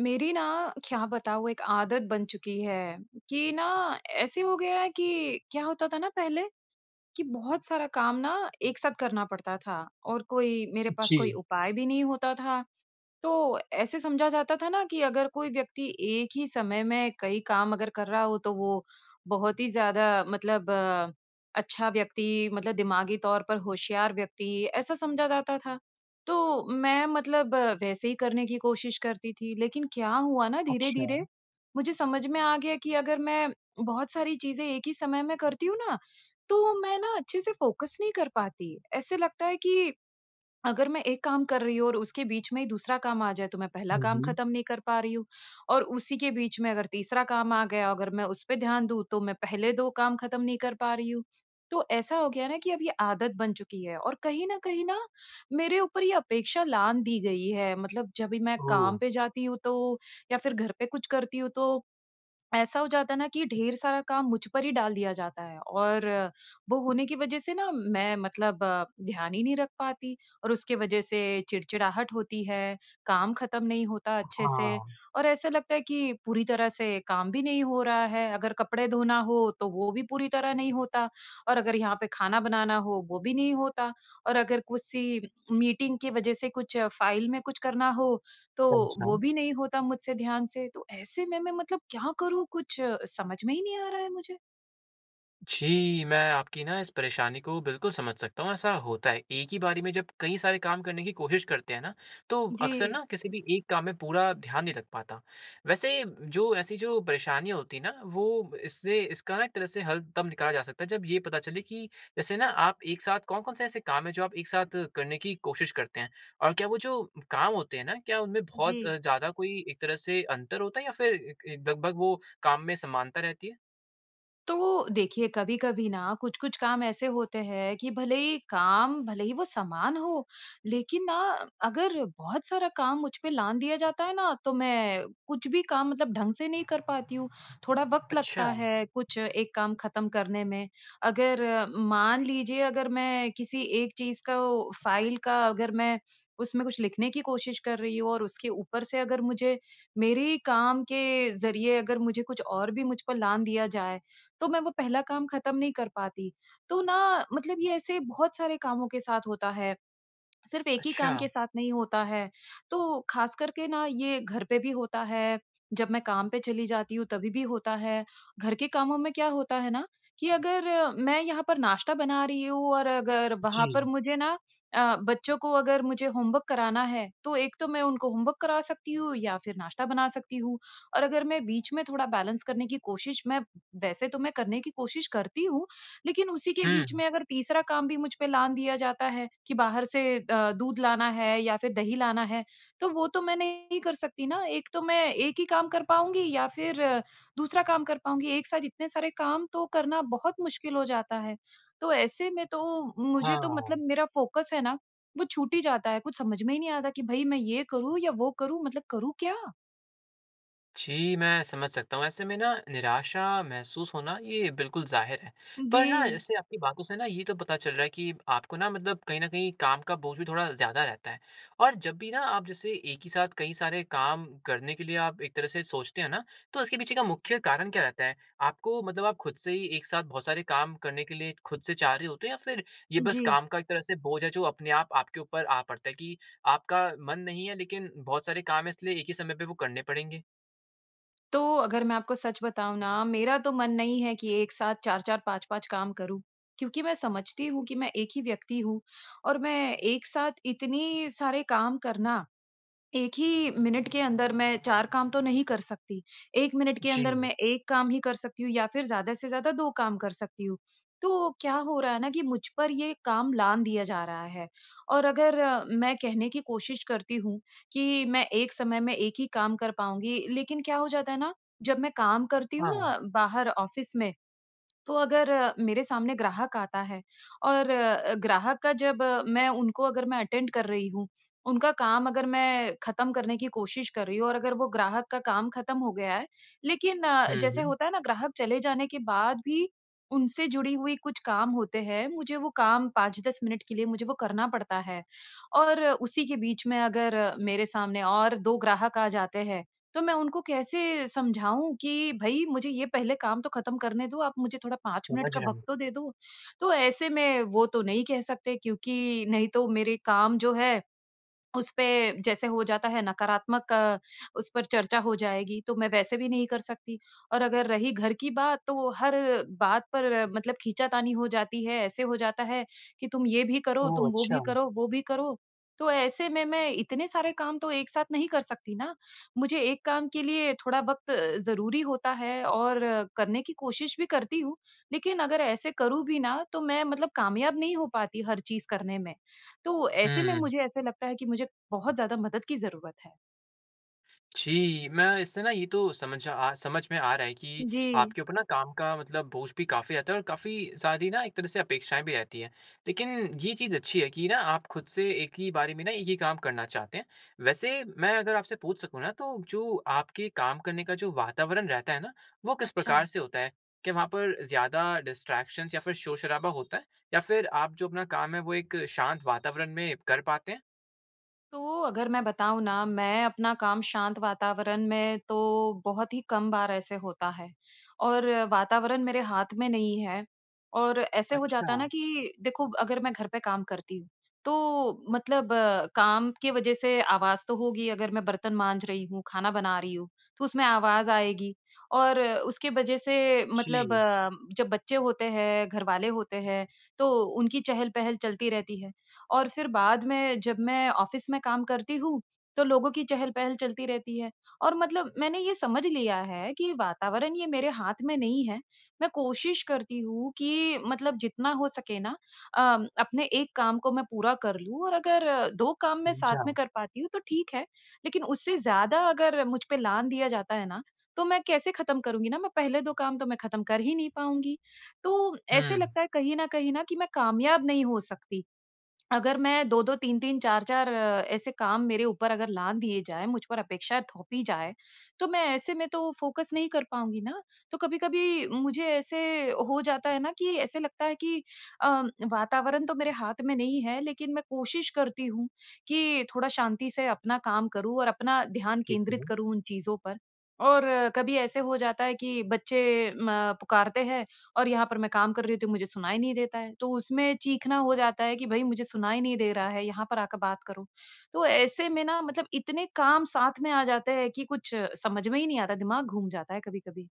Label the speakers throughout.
Speaker 1: मेरी ना, क्या बताऊँ एक आदत बन चुकी है कि न ऐसे हो गया है कि क्या होता था ना पहले कि बहुत सारा काम न एक साथ करना पड़ता था और कोई, मेरे पास
Speaker 2: जी।
Speaker 1: कोई उपाय भी नहीं होता था। तो ऐसे समझा जाता था ना कि अगर कोई व्यक्ति एक ही समय में कई काम अगर कर रहा हो तो वो बहुत ही ज़्यादा मतलब अच्छा व्यक्ति मतलब दिमागी तौर पर होशियार व्यक्ति ऐसा समझा जाता था। तो मैं मतलब वैसे ही करने की कोशिश करती थी। लेकिन क्या हुआ न
Speaker 2: अच्छा।
Speaker 1: धीरे-धीरे मुझे समझ में आ गया कि अगर मैं बहुत सारी चीज़ें एक ही समय में करती हूँ ना, तो मैं न अच्छे से फ़ोकस नहीं कर पाती। ऐसे लगता है कि अगर मैं 1 काम कर रही हूँ और उसके बीच में ही दूसरा काम आ जाए तो मैं पहला
Speaker 2: हुँ,
Speaker 1: काम
Speaker 2: हुँ।
Speaker 1: ख़त्म नहीं कर पा रही हूँ और उसी के बीच में अगर तीसरा काम आ गया अगर मैं उस पे ध्यान दूँ तो मैं पहले 2 काम ख़त्म नहीं कर पा रही हूँ। तो ऐसा हो गया ना कि अब ये आदत बन चुकी है। और कहीं न कहीं न मेरे ऊपर ही अपेक्षा लाँघ दी गई है मतलब जब भी मैं
Speaker 2: ओह!
Speaker 1: काम पे जाती हूँ तो या फिर घर पे कुछ करती हूँ तो, ऐसा हो जाता है ना कि ढेर सारा काम मुझ पर ही डाल दिया जाता है। और वो होने की वजह से न मैं मतलब ध्यान ही नहीं रख पाती। और उसके वजह से चिड़चिड़ाहट होती है, काम ख़त्म नहीं होता
Speaker 2: ह
Speaker 1: अच्छे से
Speaker 2: हाँ।
Speaker 1: और ऐसा लगता है कि पूरी तरह से काम भी नहीं हो रहा है। अगर कपड़े धोना हो तो वो भी पूरी तरह नहीं होता और अगर यहाँ पे खाना बनाना हो वो भी नहीं होता और अगर किसी मीटिंग की वजह से कुछ फ़ाइल में कुछ करना हो तो
Speaker 2: समझा।
Speaker 1: वो भी नहीं होता मुझसे ध्यान से। तो ऐसे में मैं मतलब क्या करूँ कुछ समझ में ही नहीं आ रहा है मुझे।
Speaker 2: जी, मैं आपकी न इस परेशानी को बिल्कुल समझ सकता हूँ। ऐसा होता है एक ही बारी में जब कई सारे काम करने की कोशिश करते हैं ना तो अक्सर
Speaker 1: जी।
Speaker 2: न किसी भी एक काम में पूरा ध्यान नहीं लग पाता। वैसे जो ऐसी जो परेशानी होती है ना वो इससे इसका न एक तरह से हल तब निकाला जा सकता है जब ये पता चले कि जैसे ना आप एक साथ कौन-कौन से ऐसे काम है जो आप एक साथ करने की कोशिश करते हैं और क्या वो जो काम होते हैं ना क्या उनमें बहुत
Speaker 1: जी।
Speaker 2: ज़्यादा कोई एक तरह से अंतर होता है या फिर एक एक लगभग वो काम में समानता रहती है?
Speaker 1: तो देखिए, कभी-कभी न कुछ-कुछ काम ऐसे होते हैं कि भले ही काम भले ही वो समान हो लेकिन न अगर बहुत सारा काम मुझ पे लाँघ दिया जाता है ना तो मैं कुछ भी काम मतलब ढंग से नहीं कर पाती हूँ। थोड़ा वक़्त लगता
Speaker 2: अच्छा।
Speaker 1: है कुछ एक काम ख़त्म करने में अगर मान लीजिए अगर मैं किसी एक चीज़ का वो फ़ाइल का अगर मैं उसमें कुछ लिखने की कोशिश कर रही हूँ और उसके ऊपर से अगर मुझे मेरे ही काम के ज़रिए अगर मुझे कुछ और भी मुझ पर लाँघ दिया जाए तो मैं वो पहला काम ख़त्म नहीं कर पाती। तो ना मतलब ये ऐसे बहुत सारे कामों के साथ होता है सिर्फ़ एक ही काम के
Speaker 2: अच्छा।
Speaker 1: साथ नहीं होता है। तो ख़ास करके न ये घर पे भी होता है, जब मैं काम पर चली जाती हूँ तभी भी होता है। घर के कामों में क्या होता है ना कि अगर मैं यहाँ पर नाश्ता बना रही हूँ और अगर वहाँ पर
Speaker 2: जी।
Speaker 1: मुझे न अ, बच्चों को अगर मुझे होमवर्क कराना है तो एक तो मैं उनको होमवर्क करा सकती हूँ या फिर नाश्ता बना सकती हूँ और अगर मैं बीच में थोड़ा बैलेंस करने की कोशिश मैं वैसे तो मैं करने की कोशिश करती हूँ लेकिन उसी के बीच
Speaker 2: हुँ।
Speaker 1: में अगर तीसरा काम भी मुझ पे लाँघ दिया जाता है कि बाहर से अ, दूध लाना है या फिर दही लाना है। तो वो तो मैं नहीं कर सकती ना एक तो मैं एक ही काम कर पाऊँगी या फिर दूसरा काम कर पाऊँगी एक साथ इतने सारे काम तो करना बहुत मुश्किल हो जाता है। तो ऐसे में तो मुझे तो
Speaker 2: हाँ।
Speaker 1: मतलब मेरा फ़ोकस है ना वो छूट ही जाता है। कुछ समझ में ही नहीं आता कि भई मैं ये करूँ या वो करूँ मतलब करूँ क्या?
Speaker 2: जी, मैं समझ सकता हूँ ऐसे में न निराशा महसूस होना ये बिल्कुल ज़ाहिर है। पर न
Speaker 1: जी।
Speaker 2: जैसे आपकी बातों से न ये तो पता चल रहा है कि आपको न मतलब कहीं न कहीं काम का बोझ भी थोड़ा ज़्यादा रहता है। और जब भी न आप जैसे एक ही साथ कई सारे काम करने के लिए आप एक तरह से सोचते हैं न तो उसके पीछे का मुख्य कारण क्या रहता है? आपको मतलब आप खुद से ही एक साथ बहुत सारे काम करने के लिए खुद से चाह रहे होते है या फिर ये बस
Speaker 1: जी।
Speaker 2: काम का एक तरह का भोज है जो अपने आप आपके के ऊपर आ पड़ता है कि आपका मन नहीं है लेकिन बहुत सारे काम है इसलिए एक ही समय पे वो करने पड़ेंगे।
Speaker 1: तो अगर, मैं आपको सच बताऊँ न मेरा तो मन नहीं है कि एक साथ 4-4 5-5 काम करूँ। क्योंकि मैं समझती हूँ कि मैं एक ही व्यक्ति हूँ और मैं एक साथ इतनी सारे काम करना 1 ही मिनट के अंदर मैं 4 काम तो नहीं कर सकती। 1 मिनट के अंदर
Speaker 2: जी।
Speaker 1: मैं एक काम ही कर सकती हूँ या फिर ज़्यादा से ज़्यादा 2 काम कर सकती हूँ। तो क्या हो रहा है ना कि मुझ पर यह काम लाँघ दिया जा रहा है। और अगर मैं कहने की कोशिश करती हूँ कि मैं 1 समय में 1 ही काम कर पाऊँगी, लेकिन क्या हो जाता है ना, जब मैं काम करती हूँ
Speaker 2: हाँ।
Speaker 1: ना बाहर ऑफ़िस में, तो अगर मेरे सामने ग्राहक आता है और ग्राहक का जब मैं उनको अगर मैं अटेंड कर रही हूँ उनका काम अगर मैं ख़त्म करने की कोशिश कर रही हूँ और अगर वो ग्राहक का काम ख़त्म हो गया है, लेकिन
Speaker 2: हुँ,
Speaker 1: जैसे
Speaker 2: हुँ।
Speaker 1: होता है ना ग्राहक चले जाने के बाद भी उनसे जुड़ी हुई कुछ काम होते हैं। मुझे वो काम 5-10 मिनट के लिए मुझे वो करना पड़ता है और उसी के बीच में अगर मेरे सामने और 2 ग्राहक आ जाते हैं तो मैं उनको कैसे समझाऊँ कि भई मुझे ये पहले काम तो ख़त्म करने दो आप मुझे थोड़ा 5 मिनट
Speaker 2: समझ
Speaker 1: का
Speaker 2: गया मैं।
Speaker 1: वक़्त तो दे दो। तो ऐसे में वो तो नहीं कह सकते क्योंकि नहीं तो मेरे काम जो है उस पे जैसे हो जाता है नकारात्मक उस पर चर्चा हो जाएगी तो मैं वैसे भी नहीं कर सकती। और अगर रही घर की बात तो वो हर बात पर मतलब खींचातानी हो जाती है ऐसे हो जाता है कि तुम ये भी करो,
Speaker 2: ओह!
Speaker 1: तुम वो भी
Speaker 2: अच्छा।
Speaker 1: करो, वो भी करो। तो ऐसे में मैं इतने सारे काम तो एक साथ नहीं कर सकती न मुझे एक काम के लिए थोड़ा वक़्त ज़रूरी होता है और करने की कोशिश भी करती हूँ लेकिन अगर ऐसे करूँ भी न तो मैं मतलब कामयाब नहीं हो पाती हर चीज़ करने में। तो ऐसे में
Speaker 2: हुँ।
Speaker 1: मुझे ऐसे लगता है कि मुझे बहुत ज़्यादा मदद की ज़रूरत है।
Speaker 2: जी, मैं इससे न ये तो समझ अ समझ में आ रहा है कि
Speaker 1: जी।
Speaker 2: आपके ऊपर न काम का मतलब बोझ भी काफ़ी रहता है। और काफ़ी सारी न एक तरह से अपेक्षाएँ भी रहती हैं। लेकिन ये चीज़ अच्छी है कि ना आप खुद से एक ही बारे में ना एक ही काम करना चाहते हैं। वैसे मैं अगर आपसे पुछ सकूँ ना तो जो आपके काम करने का जो वातावरण रहता है ना वो किस प्रकार
Speaker 1: अच्छा।
Speaker 2: से होता है? कि वहाँ पर ज़्यादा डिस्ट्रैक्शंस या फिर शोर-शराबा होता है? या फिर आप जो अपना काम है वो एक शांत वातावरण में कर पाते हैं?
Speaker 1: तो अगर, मैं बताऊँ न मैं अपना काम शांत वातावरण में तो बहुत ही कम बार ऐसे होता है। और वातावरण मेरे हाथ में नहीं है और ऐसे हो जाता ना
Speaker 2: अच्छा।
Speaker 1: कि देखो अगर मैं घर पे काम करती हूँ तो मतलब काम की वजह से आवाज़ तो होगी अगर मैं बर्तन माँज रही हूँ, खाना बना रही हूँ तो उसमें आवाज़ आएगी। और उसके वजह से मतलब
Speaker 2: जी।
Speaker 1: जब बच्चे होते हैं, घर वाले होते हैं तो उनकी चहल-पहल चलती रहती है। और फिर बाद में जब मैं ऑफ़िस में काम करती हूँ तो लोगों की चहल-पहल चलती रहती है। और मतलब मैंने ये समझ लिया है कि वातावरण ये मेरे हाथ में नहीं है। मैं कोशिश करती हूँ कि मतलब जितना हो सके न अ, अपने एक काम को मैं पूरा कर लूँ और अगर 2 काम मैं साथ में
Speaker 2: समझा।
Speaker 1: कर पाती हूँ तो ठीक है लेकिन उससे ज़्यादा अगर मुझ पे लाँघ दिया जाता है ना तो मैं कैसे ख़त्म करूँगी न मैं पहले 2 काम तो मैं ख़त्म कर ही नहीं पाऊँगी तो ऐसे
Speaker 2: हुँ।
Speaker 1: लगता है कहीं न कहीं न कि मैं कामयाब नहीं हो सकती। अगर मैं 2-2 3-3 4-4 ऐसे काम मेरे ऊपर अगर लाँघ दिए जाएँ, मुझ पर अपेक्षा थोपी जाए तो मैं ऐसे में तो फ़ोकस नहीं कर पाऊँगी ना। तो कभी-कभी मुझे ऐसे हो जाता है ना कि ऐसे लगता है कि अ, वातावरण तो मेरे हाथ में नहीं है लेकिन मैं कोशिश करती हूँ कि थोड़ा शांति से अपना काम करूँ और अपना ध्यान
Speaker 2: ठीक
Speaker 1: केंद्रित
Speaker 2: है।
Speaker 1: करूँ उन चीज़ों पर। और कभी ऐसे हो जाता है कि बच्चे म पुकारते हैं और यहाँ पर मैं काम कर रहती हूँ मुझे सुनाई नहीं देता है। तो उसमें चीखना हो जाता है कि भई मुझे सुनाई नहीं दे रहा है, यहाँ पर आकर बात कारों। तो ऐसे में न मतलब इतने काम साथ में आ जाते हैं कि कुछ समझ में ही नहीं आता है दिमाग़ घूम जाता है कभी-कभी।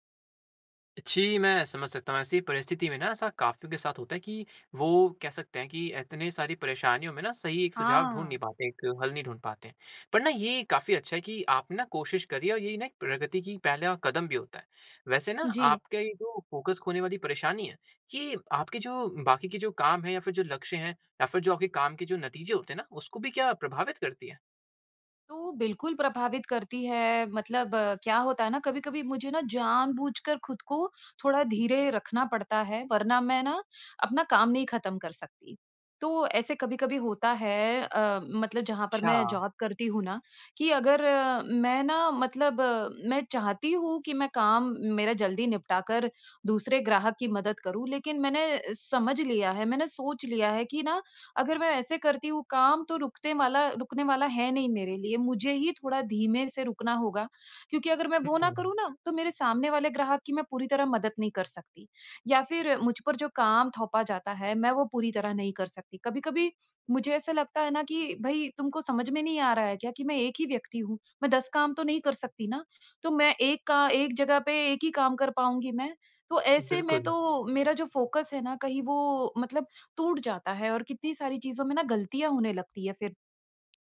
Speaker 2: जी, मैं समझ सकता हूँ। ऐसी परिस्थिति में न ऐसा काफ़ियों के साथ होता है कि वो कह सकते हैं कि इतनी सारी परेशानियों में न सही एक सुझाव ढूँढ़ नहीं
Speaker 1: हाँ।
Speaker 2: पाते, एक हल नहीं ढूँढ़ पाते। पर न ये काफ़ी अच्छा है कि आप ना कोशिश कर रहीं है और यही ना एक प्रगति की पहला कदम भी होता है। वैसे न
Speaker 1: जी।
Speaker 2: आपका ये जो फ़ोकस खोने वाली परेशानी है ये आपकी जो बाकी की जो काम है या फिर जो लक्ष्य हैं या फिर जो अभी काम की जो नतीजे होते हैं उसको भी क्या प्रभावित करती हैं?
Speaker 1: तो बिल्कुल प्रभावित करती है मतलब क्या होता है ना कभी-कभी मुझे न जान-बूझकर ख़ुद को थोड़ा धीरे रखना पड़ता है वरना मैं न अपना काम नहीं ख़त्म कर सकती। तो ऐसे कभी-कभी होता है अ, मतलब जहाँ पर मैं
Speaker 2: अच्छा।
Speaker 1: जॉब करती हूँ ना कि अगर मैं न मतलब मैं चाहती हूँ कि मैं काम मेरा जल्दी निपटा कर दूसरे ग्राहक की मदद करूँ, लेकिन मैंने समझ लिया है, मैंने सोच लिया है कि न अगर मैं ऐसे करती हूँ काम तो रुकते माला रुकने वाला है नहीं मेरे लिए। मुझे ही थोड़ा धीमे से रुकना होगा। क्योंकि अगर मैं वो न
Speaker 2: हुँ।
Speaker 1: करूँ ना तो मेरे सामने वाले ग्राहक की मैं पूरी तरह मदद नहीं कर सकती। या फिर मुझ पर जो काम थोपा जाता है मैं वो पूरी तरह नहीं कर सकती। कभी-कभी मुझे ऐसा लगता है ना कि भई तुमको समझ में नहीं आ रहा है क्या कि मैं एक ही व्यक्ति हूँ। मैं 10 काम तो नहीं कर सकती न। तो मैं एक का एक जगह पे एक ही काम कर पाऊँगी मैं, तो ऐसे में
Speaker 2: बिल्कुल।
Speaker 1: तो मेरा जो फ़ोकस है ना कहीं वो मतलब टूट जाता है और कितनी सारी चीज़ों में ना ग़लतियाँ होने लगती है फिर,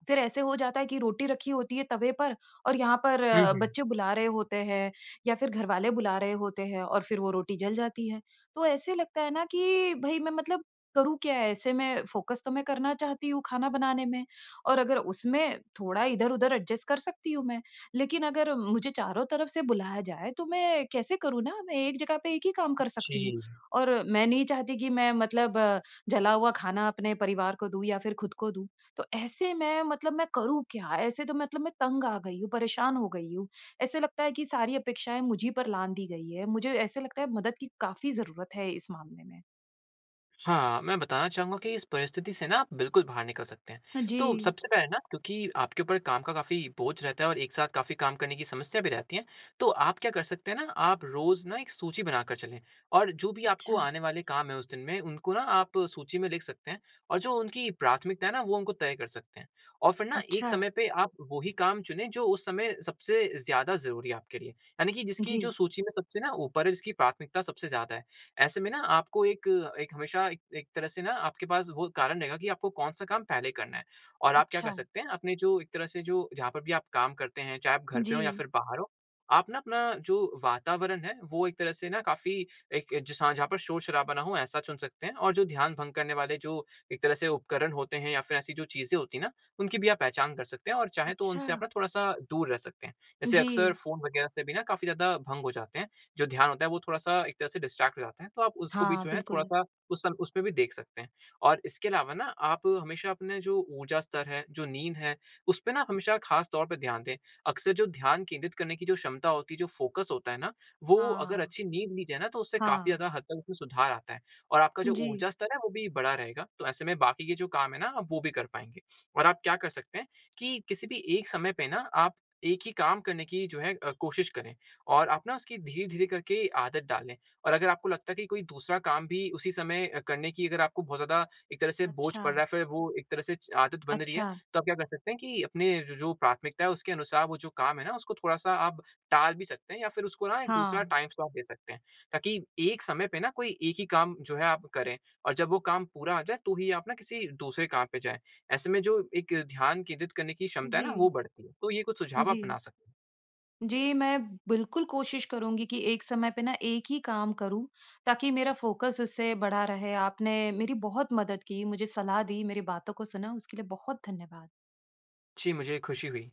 Speaker 1: फिर ऐसे हो जाता है कि रोटी रखी होती है तबे पर और यहाँ पर
Speaker 2: हुँ, हुँ।
Speaker 1: बच्चे बुला रहे होते हैं या फिर घर वाले बुला रहे होते हैं और फिर वो रोटी जल जाती है। तो ऐसे लगता है ना कि भई मैं मतलब करूँ क्या ऐसे मैं फ़ोकस तो मैं करना चाहती हूँ, खाना बनाने में और अगर उसमें थोड़ा इधर-इधर एडजस्ट कर सकती हूँ मैं। लेकिन अगर मुझे चारों तरफ़ से बुलाया जाए तो मैं कैसे करूँ ना, मैं एक जगह पे एक ही काम कर सकती हूँ।
Speaker 2: जी।
Speaker 1: और मैं नहीं चाहती की मैं मतलब जला हुआ खाना अपने परिवार को दूँ या फिर ख़ुद को दूँ तो ऐसे मैं मतलब मैं करूँ क्या? ऐसे तो मतलब मैं तंग आ गई हूँ, परेशान हो गई हूँ ऐसे लगता है की सारी अपेक्षाएँ मुझ ही पर लाँघ दी गई है। मुझे ऐसे लगता है मदद की काफ़ी ज़रूरत है इस मामले में।
Speaker 2: हाँ, मैं बताना चाहूँगा कि इस परिस्थिति से न आप बिल्कुल बाहर निकल सकते हैं।
Speaker 1: हाँ
Speaker 2: तो
Speaker 1: जी।
Speaker 2: सबसे पहले न क्योंकि आपके ऊपर काम का काफ़ी बोझ रहता है और एक साथ काफ़ी काम करने की समस्या भी रहती है तो आप क्या कर सकते है ना आप रोज़ न एक सूची बना कर चले। और जो भी आपको
Speaker 1: अच्छा।
Speaker 2: आने वाले काम है उस दिन में उनको न आप सूची में लिख सकते हैं और जो उनकी प्राथमिकताएँ है ना वो उनको तय कर सकते है। और फिर न एक
Speaker 1: अच्छा।
Speaker 2: समय पे आप वही काम चुने जो उस समय सबसे ज़्यादा ज़रूरी आप के लिए यानी कि जिसकी जो
Speaker 1: जी।
Speaker 2: सूची में सबसे न ऊपर है और जिसकी प्राथमिकता सबसे ज़्यादा है। ऐसे में न आप को एक एक हमेशा एक एक तरह से न आपके पास वो कारण रहेगा कि आपको कौन-सा काम पहले करना है और आप क्या कर
Speaker 1: अच्छा।
Speaker 2: सकते है आपने जो एक तरह जो जहाँ पे भी आप काम करते है चाहें आप घर पे हो या
Speaker 1: जी।
Speaker 2: फिर बाहर हो आप न अपना जो वातावरण है वो एक तरह से काफ़ी एक एक जैसा जहाँ पे शोर-शराबा ना हो ऐसा चुन सकते है। और ध्यान भंग करने वाले जो एक तरह से उपकरण होते है या फिर ऐसी जो चीज़ें होती है ना उनकी भी आप पहचान कर सकते है और चाहें तो उनसे आप
Speaker 1: अच्छा।
Speaker 2: थोड़ा-सा दूर रह सकते है। जैसे अक्सर
Speaker 1: जी।
Speaker 2: फ़ोन वगैरह से भी न काफ़ी ज़्यादा भंग हो जाते है जो ध्यान होता है वो थोड़ा-सा एक तरह से डिस्ट्रैक्ट हो जाता है तो आप उसको भी
Speaker 1: हाँ,
Speaker 2: जो है
Speaker 1: बिल्कुल।
Speaker 2: थोड़ा-सा उस सम उस पे भी देख सकते है। और इसके अलावा न आप हमेशा अपने जो ऊर्जा स्तर है जो नींद है उस पे ना हमेशा ख़ास तौर से ध्यान दे अक्सर जो ध्यान केंद्रित करने कि जो क्षमता होते है जो फ़ोकस होता है ना वो अगर
Speaker 1: हाँ।
Speaker 2: अच्छी नींद ली जाए ना तो उससे काफ़ी
Speaker 1: हाँ।
Speaker 2: ज़्यादा हद तक उसमे सुधार आता है। और आप का जो
Speaker 1: जी।
Speaker 2: ऊर्जा स्तर है वो भी बढ़ा रहेगा। तो ऐसे में बाकि के जो काम है ना वो भी कर पाएँगे। और आप क्या कर सकते है कि किसी भी एक समय पे ना आप एक ही काम करने की जो है अ, कोशिश करें और आप न उसकी धीरे-धीरे करके आदत डाल लें। और अगर आपको लगता है कोई दूसरा काम भी उसी समय करने की अगर आपको बहुत ज़्यादा एक तरह से बोझ पड़ रहा
Speaker 1: अच्छा।
Speaker 2: है फिर वो एक तरह से आदत बन रही है
Speaker 1: अच्छा।
Speaker 2: तो आप क्या कर सकते है कि अपने ज जो प्राथमिकताएँ है उसके अनुसार वो जो काम है ना उसको थोड़ा-सा अब टाल भी सकते है या फिर उसको ना दूसरा
Speaker 1: हाँ।
Speaker 2: टाइम स्लॉट दे सकते है। ताकि एक समय पे ना कोई एक ही काम जो है आप करें और जब वो काम पूरा आ जाए तो ही आप न किसी दूसरे काम पे जाये ऐसे में जो एक ध्यान केंद्रित करने की क्षमता है ना वो
Speaker 1: जी।
Speaker 2: बढ़ती है। तो ये कुछ सुझाव अपना
Speaker 1: जी।
Speaker 2: सकें।
Speaker 1: जी, मैं बिल्कुल कोशिश करूँगी कि एक समय पे ना एक ही काम करूँ ताकि मेरा फ़ोकस उससे बढ़ा रहे। आपने मेरी बहुत मदद की, मुझे सलाह दी, मेरी बातों को सुना उसके लिए बहुत धन्यवाद।
Speaker 2: जी, मुझे ख़ुशी हुई।